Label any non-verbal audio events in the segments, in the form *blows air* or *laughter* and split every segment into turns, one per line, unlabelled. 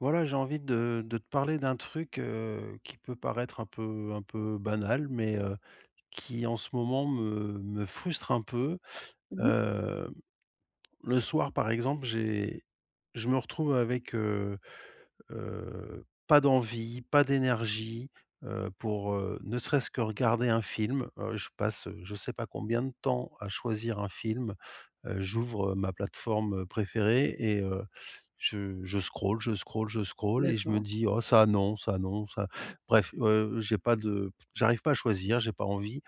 Voilà j'ai envie de de te parler d'un truc, heu, qui peut paraître un peu un peu banal, mais heu, qui en ce moment me me frustre un peu.
Mmh mh.
Hem, le soir par exemple, j'ai je me retrouve avec, heu heu, pas d'envie, pas d'énergie, heu, pour, heu, ne serait-ce que regarder un film. Heu, je passe, heu, je sais pas combien de temps à choisir un film. Heu, j'ouvre ma plateforme préférée et heu, je je scroll, je scroll, je scroll, et je me
D'accord.
dis:
Ouais.
«Oh ça non, ça non, ça» bref, heu, j'ai pas de j'arrive pas à choisir, j'ai pas envie.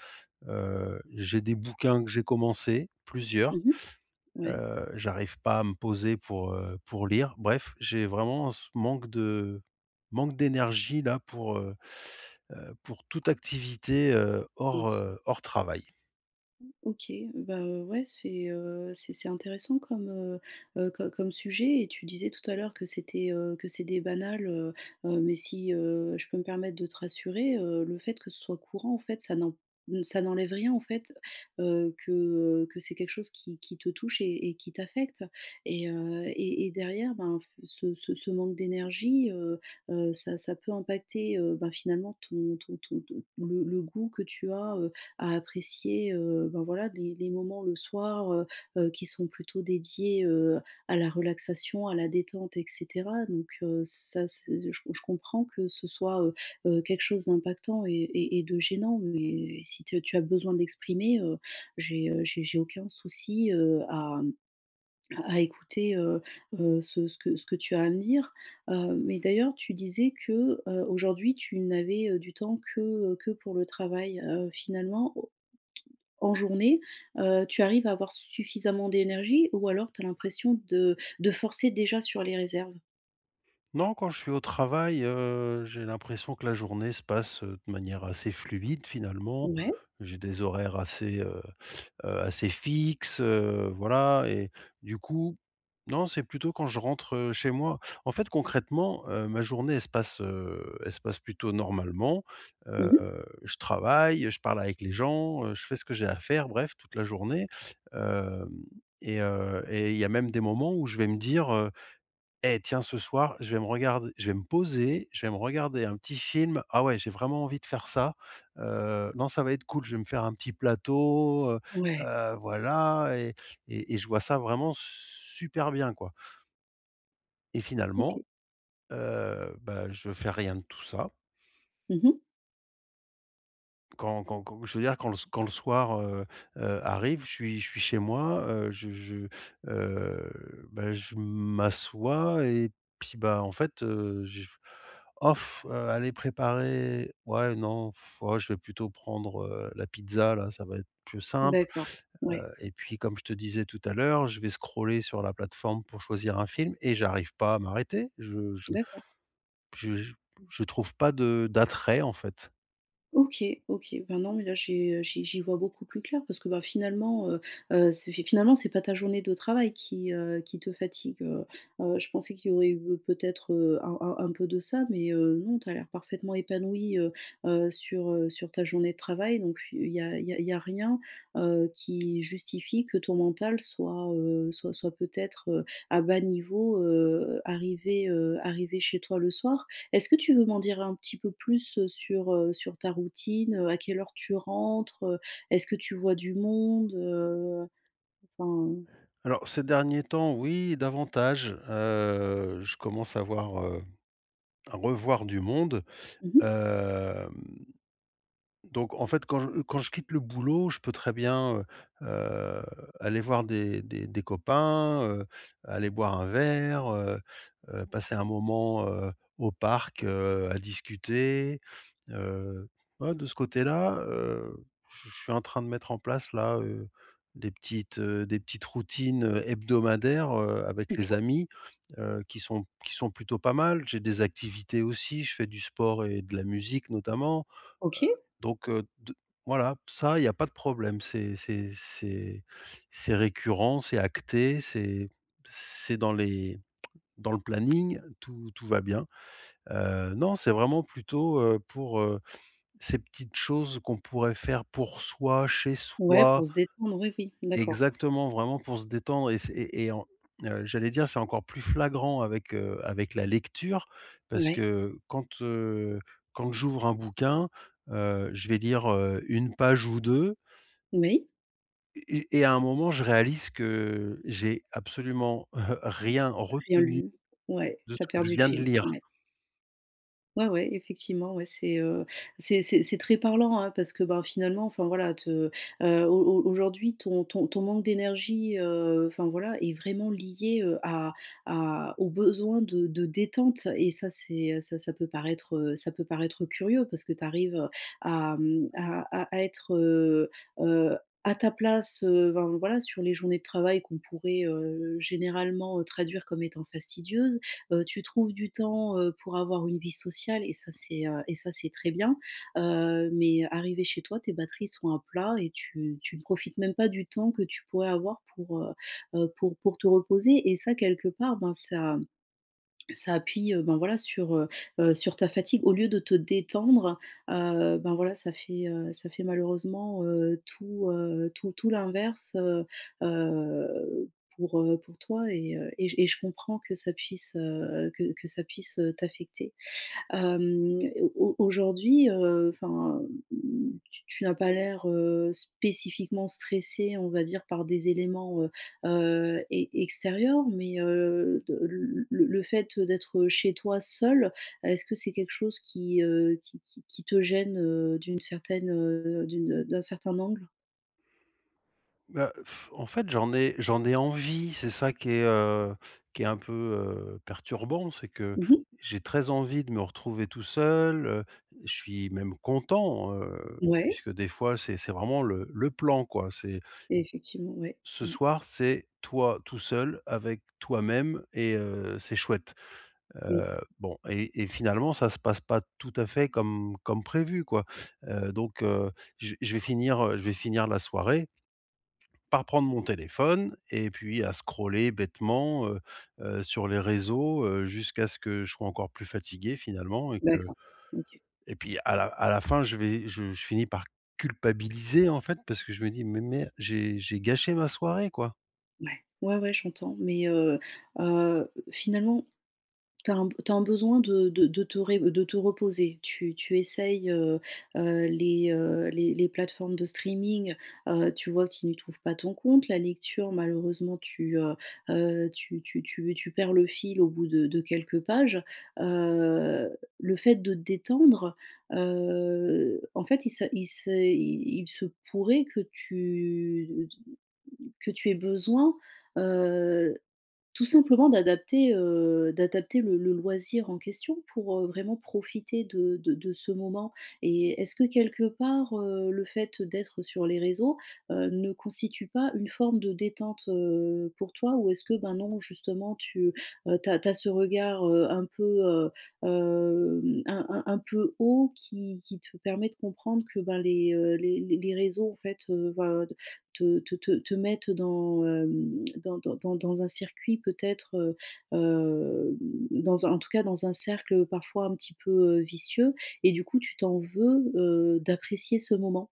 Heu, j'ai des bouquins que j'ai commencé,
Mmh
plusieurs,
mh. Ouais.
heu, j'arrive pas à me poser pour, heu, pour lire bref, j'ai vraiment ce manque de manque d'énergie là pour, heu heu, pour toute activité, heu, hors
Mince.
hors travail.
OK, bah heu, ouais c'est, heu, c'est c'est intéressant comme, heu heu, co comme sujet et tu disais tout à l'heure que c'était, heu, que c'était banal, heu heu, mais si, heu, je peux me permettre de te rassurer, heu, le fait que ce soit courant en fait, heu, ça n'en ça n'enlève rien en fait, heu, que, heu, que c'est quelque chose qui qui te touche et et qui t'affecte et, heu, et et derrière ben f ce ce ce manque d'énergie, heu heu, ça ça peut impacter, heu, bah finalement, ton ton ton le le goût que tu as, heu, à apprécier, heu, ben voilà les les moments le soir, heu heu, qui sont plutôt dédiés, heu, à la relaxation à la détente et cetera. Donc heu, ça c j je comprends que ce soit, heu heu, quelque chose d'impactant et et et de gênant mais si t tu as besoin d'exprimer, heu, j'ai, heu, j'ai j'ai aucun souci, heu, à à écouter, heu heu, ce ce que ce que tu as à me dire. Heu, mais d'ailleurs, tu disais que, heu, aujourd'hui tu n'avais, heu, du temps que, heu, que pour le travail, heu, finalement, heu, en journée, heu, tu arrives à avoir suffisamment d'énergie ou alors tu as l'impression de de forcer déjà sur les réserves?
Non, quand je suis au travail, heu, j'ai l'impression que la journée se passe, heu, de manière assez fluide, finalement.
Ouais.
J'ai des horaires assez, heu heu, assez fixes, heu, voilà et du coup, non, c'est plutôt quand je rentre, heu, chez moi. En fait, concrètement, heu, ma journée, elle se passe, heu, elle se passe plutôt normalement.
Mmh
Heu,
mh.
je travaille. Heu, je parle avec les gens, heu, je fais ce que j'ai à faire, bref, toute la journée. Hem et heu et il y a même des moments où je vais me dire, heu: «Eh, tiens, ce soir, je vais me regard je vais me poser, je vais me regarder un petit film. Ah, ouais, j'ai vraiment envie de faire ça. Heu, non, ça va être cool, je vais me faire un petit plateau, heu
Ouais.
heu, voilà» et et et je vois ça vraiment super bien, quoi. Et finalement,
OK.
heu, bah, je fais rien de tout ça.
Mmh mh.
Quand quand quand, je veux dire, quand le s quand le soir, heu heu, arrive, je suis je suis chez moi. Heu, je je, heu, bah, je m'assois et puis, ben, en fait, heu, je oh *blows air* heu, aller préparer, ouais, non *blows air* oh, je vais plutôt prendre, heu, la pizza-là, ça va être plus simple,
D'accord, ouais.
heu et puis, comme je te disais tout à l'heure, je vais scroller sur la plateforme pour choisir un film et j'arrive pas à m'arrêter. Je je p
D'accord.
je j je trouve pas de d'attrait, en fait.
OK, OK. Bah, non, mais là, j'ai, heu, j' j'y vois beaucoup plus clair, parce que, bah, finalement, heu, heu, c'est fi finalement c'est pas ta journée de travail qui, heu, qui te fatigue, heu, heu, je pensais qu'il y aurait eu peut-être, heu, un un un peu de ça, mais heu, non, tu as l'air parfaitement épanoui, heu, heu, sur, heu, sur ta journée de travail, donc f il y a il y a il y a rien, heu, qui justifie que ton mental soit, heu, soit soit peut-être, heu, à bas niveau, heu, arrivé, heu, arrivé chez toi le soir. Est-ce que tu veux m'en dire un petit peu plus sur, heu, sur ta routine, heu, à quelle heure tu rentres? Est-ce que tu vois du monde, heu, enfin
Alors ces derniers temps, oui, davantage, heu, je commence à voir, heu, à revoir du monde,
Mmh mh.
hem, donc en fait, quand je quand je quitte le boulot, je peux très bien, heu, heu, aller voir des des des copains, heu, aller boire un verre, heu, heu, passer un moment, heu, au parc, heu, à discuter, heu, ouais, de ce côté-là, heu, je je suis en train de mettre en place là, heu, des petites, heu, des petites routines, heu, hebdomadaires, heu, avec les
OK.
amis, heu, qui sont qui sont plutôt pas mal. J'ai des activités aussi, je fais du sport et de la musique notamment, heu,
OK.
donc heu, d voilà, ça, il y a pas de problème, c'est c'est c'est c'est récurrent, c'est acté, c'est c'est dans les dans le planning, tout tout va bien, heu, non, c'est vraiment plutôt, heu, pour, heu, ces petites choses qu'on pourrait faire pour soi, chez
Ouais,
soi
pour se détendre. Oui, oui, d'accord. Ouais.
exactement, vraiment pour se détendre et c'est et et en, heu, j'allais dire, c'est encore plus flagrant, avec, heu, avec la lecture parce
Ouais.
que quand, heu, quand j'ouvre un bouquin, heu, je vais lire, heu, 1 page ou 2
Oui.
et et et à un moment je réalise que j'ai absolument *chuckles* rien
Rien
retenu
lu, ouais,
de
tu as
ce que je
perdu le
viens de
fil,
lire.
ouais. Ouais, ouais, effectivement, ouais, c'est, heu, c'est c'est c'est très parlant, hein, parce que, ben, finalement, enfin voilà, te, heu, au au aujourd'hui ton ton ton manque d'énergie, heu, enfin voilà, est vraiment lié, heu, à à aux besoins de de détente. Et ça c'est, heu, ça ça peut paraître, heu, ça peut paraître curieux parce que tu arrives, heu, à, mmh, à à être, heu, heu, à ta place, heu, ben voilà, sur les journées de travail qu'on pourrait, heu, généralement, heu, traduire comme étant fastidieuses. Heu, tu trouves du temps, heu, pour avoir une vie sociale, et ça c'est, heu, et ça c'est très bien. Heu, mais heu, arrivé chez toi, tes batteries sont à plat et tu tu ne profites même pas du temps que tu pourrais avoir pour, heu, heu, pour pour te reposer. Et ça quelque part, ben, ça ça appuie, heu, ben voilà sur, heu, heu, sur ta fatigue. Au lieu de te détendre, heu, ben, voilà, ça fait, heu, ça fait malheureusement, heu, tout, heu, tout tout l'inverse, heu heu, pour, heu, pour toi. Et heu, et j et je comprends que ça puisse, heu, que que ça puisse, heu, t'affecter. Hem, au au aujourd'hui, heu, enfin, mmh, tu tu n'as pas l'air, heu, spécifiquement stressé, on va dire, par des éléments, heu, heu, e extérieurs, mais heu, de le le le fait d'être chez toi seul, heu, est-ce que c'est quelque chose qui, heu, qui qui qui te gêne, heu d'une certaine, heu, d'une d'un certain angle?
Bah, heu, *scoffs* en fait, j'en ai j'en ai envie, c'est ça qui est, heu qui est un peu, heu, perturbant, c'est que
Mmh mh.
j'ai très envie de me retrouver tout seul, heu, je suis même content, heu,
Mouais.
puisque des fois c'est c'est vraiment le le plan quoi, c'est
Effectivement, ouais,
ce
mmh.
soir, c'est toi tout seul avec toi-même et heu, c'est chouette.
Mmh.
Heu, bon et et finalement ça se passe pas tout à fait comme comme prévu quoi. Heu, donc heu, je vais je vais finir, heu, je vais finir la soirée *swallows* par prendre mon téléphone et puis à scroller bêtement, heu heu, sur les réseau, heu, jusqu'à ce que je sois encore plus fatigué finalement et que
D'accord, OK.
et puis à la à la fin je vais je je finis par culpabiliser en fait parce que je me dis: «Mais mer j'ai j'ai gâché ma soirée quoi.»
Ouais. Ouais, ouais j'entends, mais heu heu, finalement tu as un b tu as un besoin de de de te ré de te reposer, tu tu essayes, heu heu, les, heu, les les plateformes de streaming, heu, tu vois que tu n'y trouves pas ton compte. La lecture malheureusement tu, heu heu tu tu tu tu perds le fil au bout de de quelques pages, heu, le fait de te détendre, heu, en fait il se il se, heu il il se pourrait que tu que tu aies besoin, heu, tout simplement d'adapter, heu, d'adapter le le loisir en question pour, heu, vraiment profiter de de de ce moment et est-ce que quelque part, heu, le fait d'être sur les réseaux, heu, ne constitue pas une forme de détente, heu, pour toi? Ou est-ce que ben non justement tu, heu tu as tu as ce regard, heu, un peu, heu, hem, un un un peu haut qui qui te permet de comprendre que ben les, heu, les les réseaux en fait, heu, ben d te te te te mettent, heu, dans, heu, *clicks tongue* dans dans dans dans un circuit peut-être, heu heu dans un en tout cas dans un cercle parfois un petit peu, heu, vicieux et du coup tu t'en veux, heu, d'apprécier ce moment?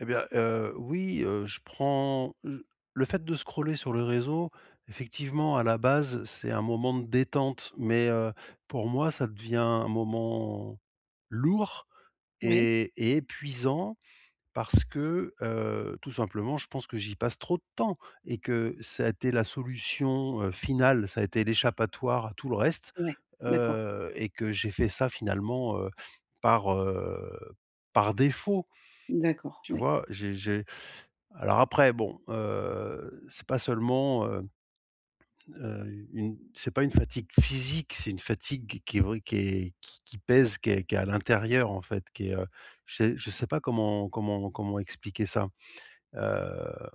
Et bien, heu, oui, heu, je prends l le fait de scroller sur les réseaux, effectivement, à la base, c'est un moment de détente, mais heu, pour moi, ça devient un moment lourd
Ouais.
et et épuisant parce que, heu, tout simplement, je pense que j'y passe trop de temps et que ça a été la solution, heu, finale, ça a été l'échappatoire à tout le reste,
Ouais, d'accord.
heu, et que j'ai fait ça finalement, heu, *sniffs* par, heu, par défaut.
D'accord,
Tu
ouais.
vois? J'ai j'ai *sucks teeth* alors après bon, heu, c'est pas seulement, heu *swallows* heu, une c'est pas une fatigue physique, c'est une fatigue qui est vraie, qui est qui qui pèse, qui est qui est à l'intérieur en fait, qui est, heu, je sais je sais pas comment comment comment expliquer ça. Heu,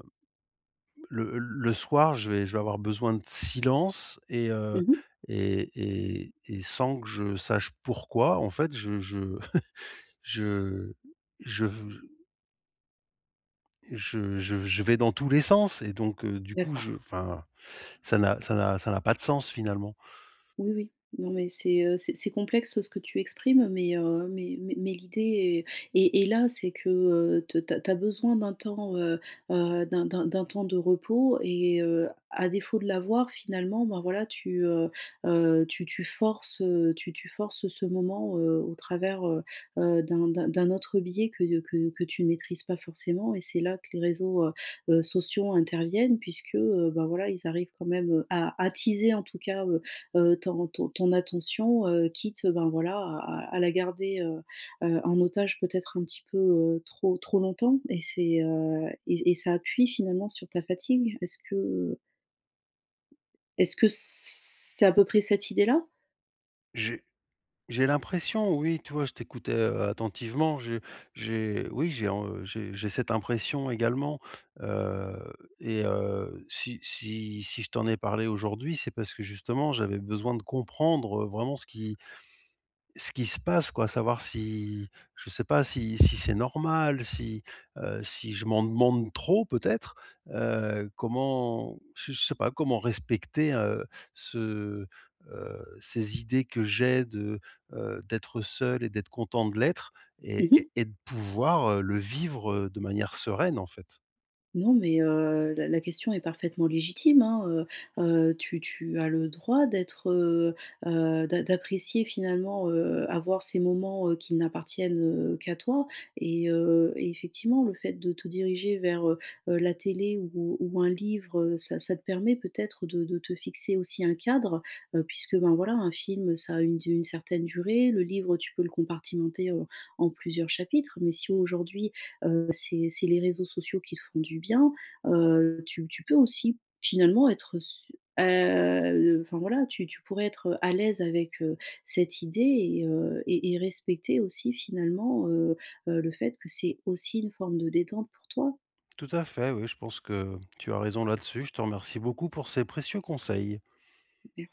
le l le soir, je vais je vais avoir besoin de silence et heu,
Mmh mh.
et et et sans que je sache pourquoi, en fait, je je *chuckles* je je v je je je je vais dans tous les sens et donc heu, du coup,
D'accord.
je enfin, ça n'a ça n'a ça n'a pas de sens finalement.
Oui, oui, non mais c'est, heu, c'est c'est complexe ce que tu exprimes mais heu mais mais mais l'idée est est est là c'est que, heu, te tu as tu as besoin d'un temps, heu heu, d'un d'un d'un temps de repos et heu, à défaut de l'avoir finalement, bah, voilà tu, heu heu tu tu forces, heu, tu tu forces ce moment, heu, au travers, heu heu, d'un d'un d'un autre biais que de que que tu ne maîtrises pas forcément et c'est là que les réseaux, heu heu, sociaux interviennent. Puisque, heu, bah, voilà ils arrivent quand même, heu, à attiser en tout cas, heu heu, ton ton -ton attention, heu, quitte ben voilà à à à la garder, heu heu, en otage peut-être un petit peu, heu, trop, trop longtemps et c'est, heu et et ça appuie finalement sur ta fatigue. Est-ce que heu est-ce que ss c'est à peu près cette idée-là?
J'ai j'ai l'impression oui tu vois je t'écoutais, heu, attentivement, j'ai j'ai oui j'ai en j'ai j'ai cette impression également, *sucks teeth* heu, et heu, si si si je t'en ai parlé aujourd'hui, c'est parce que justement j'avais besoin de comprendre vraiment ce qui ce qui se passe quoi, savoir si je sais pas si si c'est normal, si, heu, si je m'en demande trop peut-être? Heu, comment, j je sais pas comment respecter, heu, ce, heu ces idées que j'ai de, heu, d'être seul et d'être content de l'être
Mmh
et et
mh.
et de pouvoir, heu, le vivre de manière sereine en fait.
Non, mais heu, la la question est parfaitement légitime, hein, heu, heu, tu tu as le droit d'être, heu heu, d'a d'apprécier finalement, heu, avoir ces moments, heu, qui n'appartiennent, heu, qu'à toi et heu et effectivement le fait de te diriger vers, heu heu la télé ou ou un livre, heu ça ça te permet peut-être de de te fixer aussi un cadre, heu, puisque ben voilà un film ça a une du une certaine durée, le livre tu peux le compartimenter en en plusieurs chapitres. Mais si aujourd'hui, heu, c'est c'est les réseaux sociaux qui te font du bien, heu, tu tu peux aussi finalement être s heu, enfin voilà tu tu pourrais être à l'aise avec, heu, cette idée et heu, et et respecter aussi finalement, heu heu, le fait que c'est aussi une forme de détente pour toi.
Tout à fait oui, je pense que tu as raison là-dessus, je te remercie beaucoup pour ces précieux conseils.
Merci.